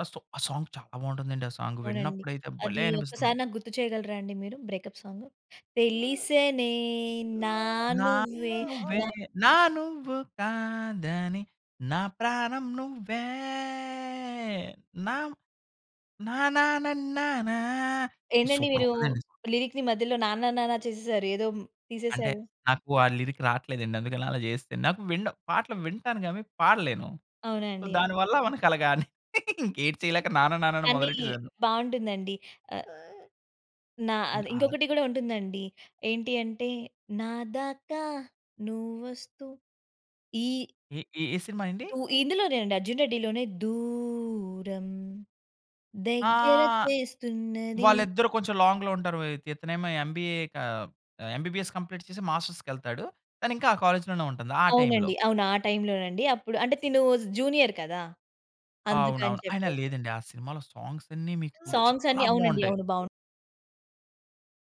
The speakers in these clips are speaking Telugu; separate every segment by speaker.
Speaker 1: అ సో ఆ సాంగ్ చాలా బాగుంటుందండి. ఆ సాంగ్
Speaker 2: అవునండి.
Speaker 1: విన్నప్పుడైతే
Speaker 2: అది
Speaker 1: భలే
Speaker 2: ఒక్కసారి
Speaker 1: అనిపిస్తుంది.
Speaker 2: నాకు గుర్తు చేయగలరా అండి మీరు బ్రేకప్ సాంగ్. తెలిసేనే నా
Speaker 1: నా
Speaker 2: నువ్వే
Speaker 1: నువ్వే
Speaker 2: నా
Speaker 1: నా నువ్వు కాదని నా ప్రాణం నువ్వే నా. నానా నన్నానా
Speaker 2: ఏంటండి?
Speaker 1: సూపర్
Speaker 2: మీరు
Speaker 1: ఉంటదండి ఈ సాంగ్.
Speaker 2: లిరిక్‌ని మధ్యలో నాన్న, నాన్న చేసేసారు. ఏదో
Speaker 1: అంటే,
Speaker 2: తీసేసారు.
Speaker 1: నాకు ఆ లిరిక్ రాట్లేదండి, అందుకనే అలా చేసేశాను. నాకు వినడం పాటలు వింటాను గాని పాడలేను. సో,
Speaker 2: అవునండి. అ
Speaker 1: దానివల్ల మనకి అలాగాని ఇంకేటి చేయలేక నాన్న, నాన్న అని
Speaker 2: కానీ,
Speaker 1: మొదలెట్టేసాను.
Speaker 2: బాగుంటుందండి. ఆహ్, నా
Speaker 1: హ్మ్.
Speaker 2: అది
Speaker 1: ఆహ్
Speaker 2: ఇంకొకటి కూడా ఉంటుందండి. ఏంటి అంటే నాదాకా నువ్వొస్తూ ఈ
Speaker 1: ఏ ఏ సినిమా అండి?
Speaker 2: దూ ఇందులోనే అండి 'అర్జున్ రెడ్డి' లోనే, దూరం
Speaker 1: ఆ!
Speaker 2: దెగ్గర చేస్తున్నది.
Speaker 1: వాళ్ళిద్దరూ కొంచెం లాంగ్‌లో ఉంటారు. ఇత్ ఇతనేమో ఎంబీఏ కా ఎంబీబీఎస్ కంప్లీట్ చేసి మాస్టర్స్‌కెళ్తాడు. తనింకా ఆ కాలేజ్‌లోనే ఉంటుంది, ఆ టైమ్‌లో.
Speaker 2: అవునండి. అవును. ఆ టైమ్‌లోనండి. అప్పుడు అంటే తిను జూనియర్ కదా! అందుకని
Speaker 1: అవునవును. అయినా
Speaker 2: చెప్పేసి.
Speaker 1: లేదండి, ఆ సినిమాలో సాంగ్స్ అన్ని మీకు
Speaker 2: సాంగ్స్ అన్నీ
Speaker 1: చాలా
Speaker 2: అవునండి.
Speaker 1: బాగుంటాయి.
Speaker 2: అవును. బాగుం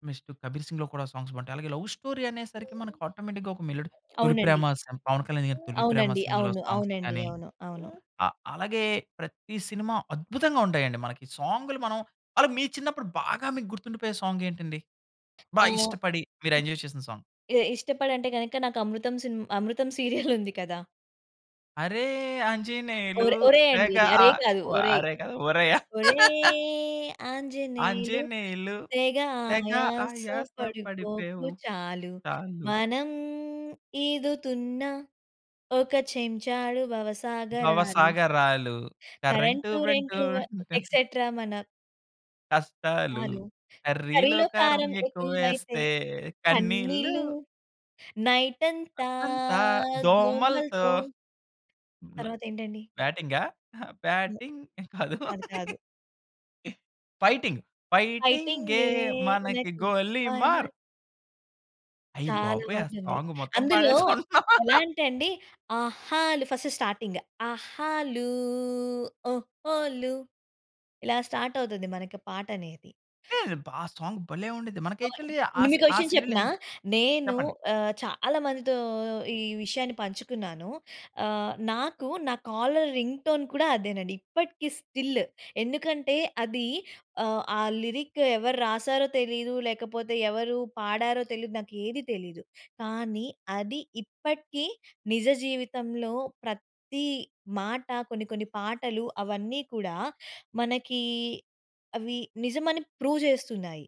Speaker 1: నెక్స్ట్ 'కబీర్ సింగ్‌లో' కూడా సాంగ్స్ బాగుంటాయి. అలాగే లవ్ స్టోరీ అనేసరికి మనకు ఆటోమేటిక్‌గా ఒక మెలోడీ 'తొలి
Speaker 2: అవునండి.
Speaker 1: ప్రేమ' సమ్ పవన్ కళ్యాణ్ గారి 'తొలి ప్రేమ'
Speaker 2: అవునండి.
Speaker 1: సినిమాలో
Speaker 2: అవును.
Speaker 1: సాంగ్స్
Speaker 2: అవునండి.
Speaker 1: కానీ,
Speaker 2: అవును. అవును.
Speaker 1: అ అలాగే ప్రతి సినిమా అద్భుతంగా ఉంటాయండి మనకి సాంగులు మనం అలా మీ చిన్నప్పుడు బాగా మీకు గుర్తుండిపోయే సాంగ్ ఏంటండి? బా
Speaker 2: ఆ!
Speaker 1: ఇష్టపడి మీరు ఎంజాయ్ చేసిన సాంగ్.
Speaker 2: ఎ ఇష్టపడంటే గనక నాకు అమృతం సిన్మ అమృతం సీరియలుంది కదా!
Speaker 1: అరే ఆంజనేయులు
Speaker 2: ఓరే ఓరేయ్ అండి
Speaker 1: తెగ
Speaker 2: ఇది.
Speaker 1: ఆ
Speaker 2: అరేయ్ కాదు
Speaker 1: ఓ
Speaker 2: ఓరేయ్.
Speaker 1: అరేయ్ కాదు ఓరెయ్ ఆ?
Speaker 2: ఓరేయ్ ఆంజనేయులు
Speaker 1: ఆంజనేయులు
Speaker 2: తెగ
Speaker 1: తెగ
Speaker 2: ఆయాస
Speaker 1: ఆయాస
Speaker 2: పడిపోకు
Speaker 1: పడిపోయావు.
Speaker 2: చాలు.
Speaker 1: చాలు.
Speaker 2: మనం ఈదుతున్న ఒక చెంచాడు భవసాగరాలు.
Speaker 1: భవసాగరాలు కరెంటు
Speaker 2: 'కరెంటు,
Speaker 1: రెంటు.
Speaker 2: రెంటు వ ఎక్సేట్రా మన'
Speaker 1: కష్టాలు,
Speaker 2: తాలు.
Speaker 1: కర్రీలో
Speaker 2: కర్రీలో
Speaker 1: కారం
Speaker 2: కారం ఎక్కువైతే
Speaker 1: ఎక్కువేస్తే కన్నీళ్ళు.
Speaker 2: కన్నీళ్లు. నైట్ అంతా
Speaker 1: నైటంతా దోమలతో
Speaker 2: దోమలతో
Speaker 1: న
Speaker 2: తర్వాత ఏంటండి?
Speaker 1: బ్యాటింగా?
Speaker 2: నో.
Speaker 1: బ్యాటింగ్ కాదు.
Speaker 2: కాదు. కాదు.
Speaker 1: ఫైటింగ్. ఫైటింగే
Speaker 2: ఫైటింగే,
Speaker 1: మనకి గోలీమార్.
Speaker 2: [unintelligible]
Speaker 1: అయ్య
Speaker 2: చాలా
Speaker 1: బాబోయ్! ఆ
Speaker 2: బాగుంటుంది.
Speaker 1: సాంగ్ మొత్తం
Speaker 2: అందులో
Speaker 1: పాడేసుకుంటున్నాం.
Speaker 2: ఎలా అంటే అండి ఆహాలు ఫస్ట్ స్టార్టింగ్, ఆహాలు, ఓహోలు ఇలా స్టార్ట్ అవుతుంది, మనకి పాటనేది.
Speaker 1: అబ్బా! ఆ సాంగ్ భలే ఉండిద్ది. మనకి
Speaker 2: ఓయ్!
Speaker 1: యాక్చువల్లి ఆస్
Speaker 2: మీకో
Speaker 1: ఆ
Speaker 2: విషయం
Speaker 1: సీరియల్
Speaker 2: చెప్పనా?
Speaker 1: ఎన్
Speaker 2: నేను
Speaker 1: చెప్పండి?
Speaker 2: ఆహ్, చాలా మందితో ఈ విషయాన్ని పంచుకున్నాను. ఆహ్, నాకు నా కాలర్ రింగ్‌టోన్ కూడా అదేనండి ఇప్పటికి స్టిల్, ఎందుకంటే, అది ఆహ్, ఆ లిరిక్ ఎవరు రాశారో తెలీదు, లేకపోతే ఎవరు పాడారో తెలీదు. నాకు ఏది తెలీదు కానీ, అది ఇప్పటికీ నిజ జీవితంలో ప్రతి మాట కొన్ని కొన్ని పాటలు అవన్నీ కూడా మనకి, అవి నిజమని ప్రూవ్ చేస్తున్నాయి.